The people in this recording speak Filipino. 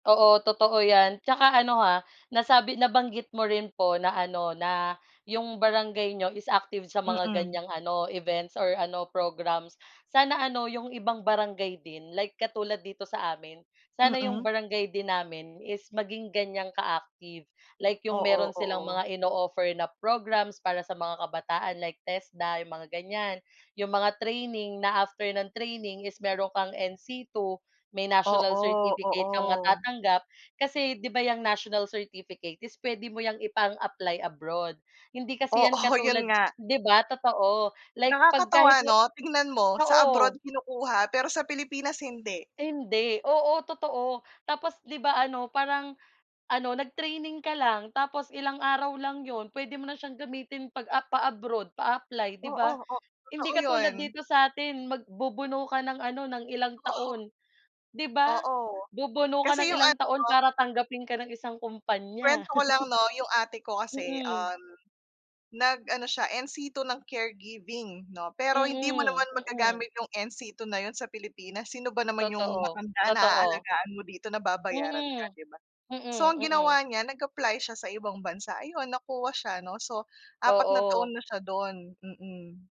Oo, totoo 'yan, tsaka ano ha nasabi nabanggit mo rin po na ano na 'yong barangay niyo is active sa mga Mm. ganyang ano events or ano programs. Sana ano 'yong ibang barangay din like katulad dito sa amin, sana 'yong Mm. barangay din namin is maging ganyang ka-active. Like 'yong Oo, meron silang oo. mga ino-offer na programs para sa mga kabataan like Tesda 'yong mga ganyan. 'Yong mga training na after ng training is meron kang NC II may national Oo, certificate kang oo. matatanggap kasi 'di ba 'yang national certificate is puwede mo 'yang ipang-apply abroad. Hindi kasi 'yan Oo, katulad yun nga. 'di ba totoo like 'pag kahit Nakakatawa nga, ano tingnan mo sa abroad oo. kinukuha pero sa Pilipinas hindi. Hindi ,oo totoo, tapos 'di ba ano parang ano nag-training ka lang tapos ilang araw lang 'yon puwede mo na siyang gamitin pag, ah, pa-abroad pa-apply 'di Oo, ba, oh hindi totoo katulad yun. dito sa atin magbubuno ka ng ano ng ilang Oh, ho. taon. 'Di ba Oo, bubuno ka kasi ng yung ilang ano. taon para tanggapin ka ng isang Kuwento kumpanya. ko lang 'no yung ate ko kasi Mm. um, nag-ano siya NC II ng caregiving 'no, pero hindi mo Mm, naman mm. magagamit yung NC II na yun sa Pilipinas, sino ba naman yung Totoo, matanda na totoo. aalagaan mo dito na babayaran ka Mm, 'di ba. So mm ang ,mm. ginawa niya nag-apply siya sa ibang bansa, ayon nakuha siya 'no, so 4 na Oo. taon na siya do'n mm.